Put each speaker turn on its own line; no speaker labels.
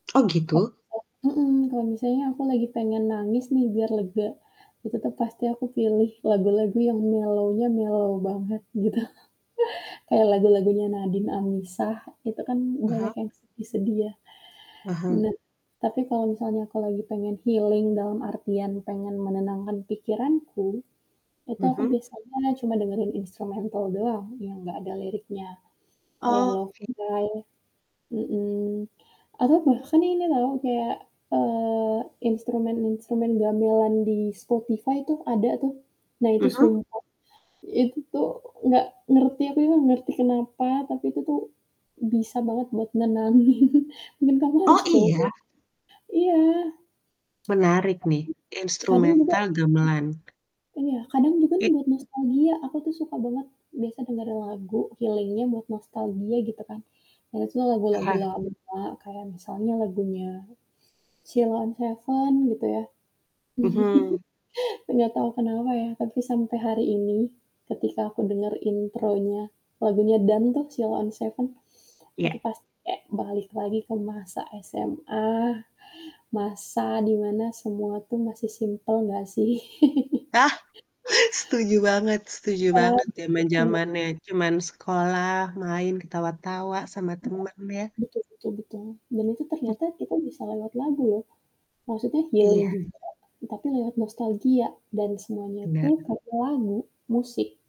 Oh gitu?
[unintelligible] Mhm, kalo misalnya aku lagi pengen nangis nih biar lega, ya tetep pasti aku pilih lagu-lagu yang mellow-nya mellow banget gitu. Kayak lagu-lagunya Nadin Amizah itu kan banyak
Aha.
yang sedih-sedih ya.
Aha.
Nah tapi kalo misalnya aku lagi pengen healing dalam artian pengen menenangkan pikiranku, itu aku
Mhm.
biasanya cuma dengerin instrumental doang yang gak ada liriknya, kayak Love
Oke.
Guy mhm, atau bahkan ini loh kayak, eee, instrumen-instrumen gamelan di Spotify itu ada tuh, nah itu
Mhm.
sumpeh, itu tuh gak ngerti, aku ini nggak ngerti kenapa, tapi itu tuh bisa banget buat nenangin dan kamu
Oh
harus coba.
iya?
Iya.
Menarik nih.
Tapi, kadang juga
Instrumental gamelan.
iya, kadang juga nih
I
buat nostalgia aku tuh suka banget, biasa dengerin lagu healing-nya buat nostalgia gitu kan, dan itu lagu-lagu
Aha.
lama kayak misalnya lagunya Sheila on 7 gitu ya.
Mhm.
Gak tau kenapa ya, tapi sampai hari ini ketika aku denger intronya lagunya "Dan" tuh Sheila on 7, itu
Iya.
pas kek balik lagi ke masa SMA, masa di mana semua tuh masih simpel gak sih.
Ah, setuju banget setuju
Iya,
banget,
betul banget.
zaman-zamannya cuman sekolah, main, ketawa-tawa sama
Iya.
temen ya.
Betul betul betul, dan itu
Mmm.
ternyata kita bisa lewat lagu loh, maksudnya healing
Iya.
juga tapi lewat nostalgia dan semuanya itu
Bener.
dari lagu, musik.